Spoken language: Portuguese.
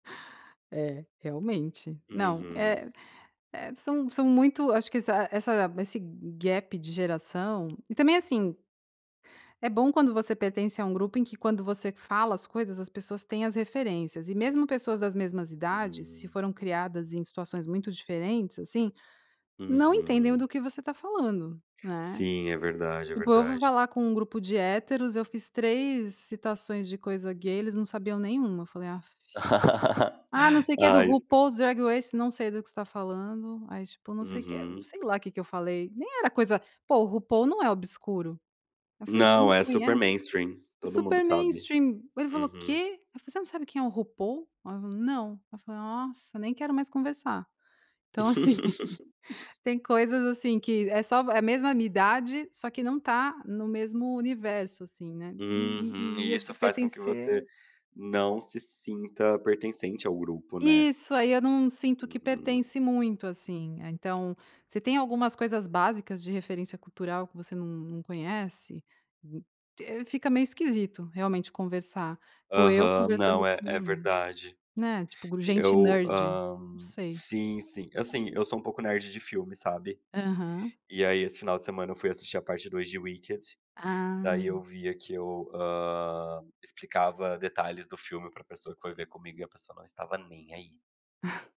É, realmente não, Uhum. eh, são são muito acho que essa essa esse gap de geração e também, assim, é bom quando você pertence a um grupo em que quando você fala as coisas as pessoas têm as referências, e mesmo pessoas das mesmas idades se Hum. foram criadas em situações muito diferentes, assim, não entendem Uhum. do que você está falando, né? Sim, é verdade, é Tipo eu ouvi verdade. falar com um grupo de héteros eu fiz 3 citações de coisa gay eles não sabiam nenhuma eu falei: "Aff", "Ah não sei o que do Ai, se RuPaul's Dragways" "Não sei do que você está falando", aí tipo não sei o que, Uhum. sei lá o que que eu falei, nem era coisa pô RuPaul não é obscuro, eu falei você não Não, é super conhece? mainstream, todo mundo Super sabe. mainstream, ele falou: "O Uhum. quê?". Aí eu: "Você não sabe quem é o RuPaul?" Aí eu falei: "Não", ela falou: "Nossa, nem quero mais conversar". Então assim, tem coisas, assim, que é só é mesma minha idade só que não está no mesmo universo assim, né? E Uhum, e e e, e acho isso que faz com que você pertencer não se sinta pertencente ao grupo, né? Isso, aí eu não sinto que Uhum. pertence muito, assim, então você tem algumas coisas básicas de referência cultural que você não não conhece, fica meio esquisito realmente conversar, pô eu Aham, conversando não, é, é com verdade. né, tipo gente Eu, nerd, hã, não sei. sim sim, assim, eu sou um pouco nerd de filme, sabe? Aham. E aí esse final de semana eu fui assistir a parte 2 de Wiked, daí eu Ah. via que eu, hã, explicava detalhes do filme pra pessoa que foi ver comigo e a pessoa não estava nem aí.